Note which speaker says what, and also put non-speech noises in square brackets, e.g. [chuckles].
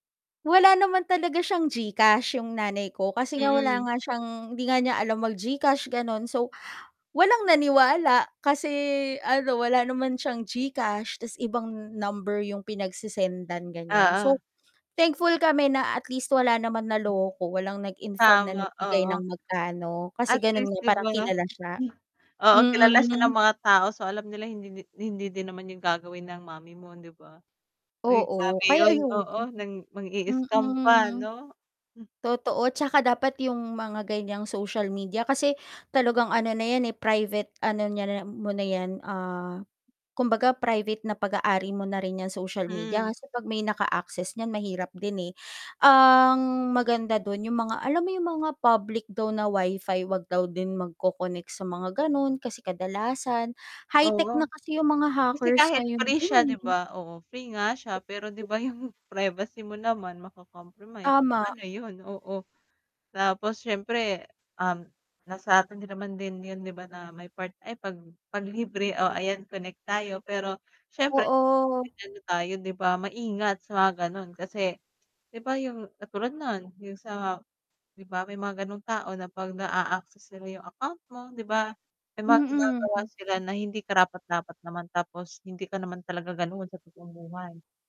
Speaker 1: Wala naman talaga siyang GCash, yung nanay ko. Kasi nga wala
Speaker 2: Mm.
Speaker 1: nga siyang hindi nga niya alam mag-GCash gano’n, so walang naniwala kasi ano, wala naman siyang GCash tas ibang number yung pinagse-sendan ganiyan.
Speaker 2: Oo.
Speaker 1: So thankful kami na at least, wala naman naloko. Walang nag-inform na
Speaker 2: Tama,
Speaker 1: nagbigay
Speaker 2: oo.
Speaker 1: ng magkano kasi
Speaker 2: At
Speaker 1: ganun
Speaker 2: least,
Speaker 1: nga,
Speaker 2: 'di
Speaker 1: parang
Speaker 2: ba.
Speaker 1: kilala siya.
Speaker 2: [chuckles] Oo, kilala siya ng
Speaker 1: Mm.
Speaker 2: mga tao, so alam nila hindi di hindi din naman yun gagawin ng mommy mo, 'di ba? Uy grabe
Speaker 1: Oo, kaya
Speaker 2: yun,
Speaker 1: ayun.
Speaker 2: oo nang mang-iiscam pa
Speaker 1: Mm.
Speaker 2: 'no.
Speaker 1: Totoo, tsaka dapat yung mga ganiyang social media kasi talagang ano na yan eh, private ano niya na mo na ‘yan, ah, kumbaga private na pag-aari mo na rin ‘yang social media
Speaker 2: Hmm.
Speaker 1: kasi ‘pag may naka-access niyan mahirap din eh. Ang maganda dun, yung mga alam mo yung mga public daw na Wi-Fi, ‘wag daw din magco-connect sa mga ganon kasi kadalasan high-tech na
Speaker 2: Oo.
Speaker 1: kasi yung mga
Speaker 2: Kasi
Speaker 1: hackers
Speaker 2: kahit
Speaker 1: ngayon
Speaker 2: free
Speaker 1: din
Speaker 2: siya 'di
Speaker 1: eh.
Speaker 2: ba, oo free nga siya pero 'di ba
Speaker 1: [unintelligible]
Speaker 2: yung [chuckles] privacy mo naman mako-compromise,
Speaker 1: Tama.
Speaker 2: paano yun? Oo, tapos siyempre, um, na sa'tin naman din yun 'di ba na may part ay ‘pag ‘pag libre, o ayan connect tayo pero syempre
Speaker 1: Oo.
Speaker 2: [unintelligible] tayo 'di ba maingat sa mga gano’n. Kasi 'di ba, yung katulad no’n, yung sa ‘di ba, may mga gano’ng tao na ‘pag naa-access nila yung account mo, ‘di ba may mga ginagawa
Speaker 1: Mhm.
Speaker 2: sila na hindi karapat-dapat naman tapos hindi ka naman talaga gano’n sa totoong buhay.